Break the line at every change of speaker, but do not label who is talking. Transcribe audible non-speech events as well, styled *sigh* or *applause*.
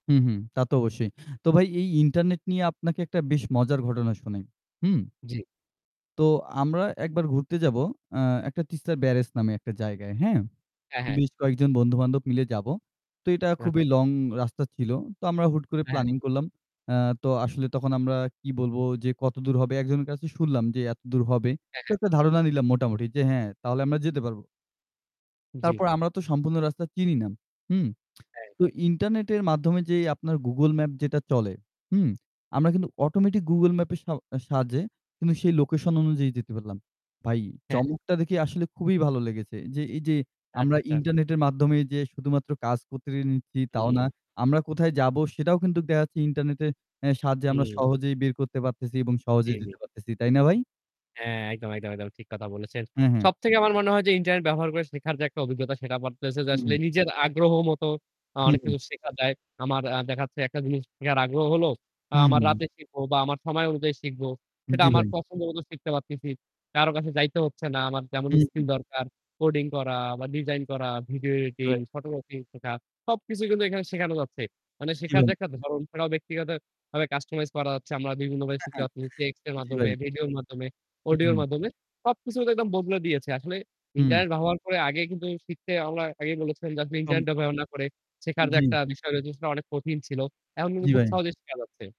হুম, হুম। তা তো অবশ্যই। তো ভাই এই ইন্টারনেট নিয়ে আপনাকে একটা বেশ মজার ঘটনা শোনাই। হুম
জ্বী।
তো আমরা একবার ঘুরতে যাবো আ একটা তিস্তার ব্যারেজ নামে একটা জায়গায়। হ্যাঁ।
হ্যাঁ, হ্যাঁ।
বেশ কয়েকজন বন্ধু-বান্ধব মিলে যাবো। তো এটা
রা
খুবই লং রাস্তা ছিল। তো আমরা হুট করে
হ্যাঁ।
প্ল্যানিং করলাম। আ তো আসলে তখন আমরা কি বলবো যে কতদূর হবে একজনের কাছে শুনলাম যে এতদূর হবে।
হ্যাঁ,
তো
হ্যাঁ।
একটা ধারণা নিলাম মোটামুটি যে হ্যাঁ তাহলে আমরা যেতে পারবো।
জ্বী।
তারপর আমরা তো সম্পূর্ণ রাস্তা চিনি না। হুম,
এই।
তো ইন্টারনেটের মাধ্যমে যে আপনার Google Map যেটা চলে হুম? আমরা কিন্তু অটোমেটিক Google Map এর স সাহায্যে কিন্তু সেই লোকেশন অনুযায়ী যেতে পারলাম। ভাই
হ্যাঁ।
চমকটা দেখে আসলে খুবই ভালো লেগেছে। যে এই যে,
আচ্ছা,
আমরা
আচ্ছা।
ইন্টারনেটের মাধ্যমে যে শুধুমাত্র কাজ করতে নিচ্ছি তাও না।
হুম।
আমরা কোথায় যাবো সেটাও কিন্তু দেখাচ্ছে ইন্টারনেটের এ সাহায্যে আমরা
হুম।
সহজেই বের করতে পারতেছি এবং সহজেই
জ্বী।
যেতে পারতেছি। তাই না ভাই?
হ্যাঁ, একদম, একদম, একদম ঠিক কথা বলেছেন।
হু, হু।
সবথেকে আমার মনে হয় যে ইন্টারনেট ব্যবহার করে শেখার যে একটা অভিজ্ঞতা সেটা বাড়তেছে যে
হুম।
আসলে নিজের আগ্রহ মত আ
হু,
অনেক
হু।
কিছু শেখা যায়। আমার আ দেখাচ্ছে একটা জিনিস শেখার আগ্রহ হলো, আ
হু, হু,
আমার
হু।
রাতে শিখব বা আমার সময় অনুযায়ী শিখবো। সেটা
জি,
আমার
ভাই।
পছন্দ মতো শিখতে পারতেছি। কারো কাছে যাইতে হচ্ছে না। আমার যেমন
হুম, হু।
স্কিল দরকার কোডিং করা বা ডিজাইন করা ভিডিও
জি,
এডিটিং,
ভাই।
ফটোগ্রাফিং শেখা সবকিছুই কিন্তু এখানে শেখানো যাচ্ছে। মানে
জি,
শেখার যে
ভাই।
একটা ধরণও সেটাও ব্যক্তিগতভাবে কাস্টমাইজ করা যাচ্ছে। আমরা বিভিন্নভাবে শিখাতে
*chuckles*
পারতেছি টেক্সটের
জি
মাধ্যমে,
ভাই।
ভিডিওর মাধ্যমে,
হু,
অডিওর
হু।
মাধ্যমে সবকিছু একদম বদলে দিয়েছে। আসলে
হুম।
ইন্টারনেট ব্যবহার করে আগে কিন্তু শিখতে আমরা আগেই বলেছিলাম যে আসলে ইন্টারনেট
সম
ব্যবহার না করে শেখার যে
জ্বি।
একটা বিষয় রয়েছে সেটা অনেক কঠিন ছিল। এখন কিন্তু
জি,
খুব
ভাই।
সহজেই শেখা যাচ্ছে।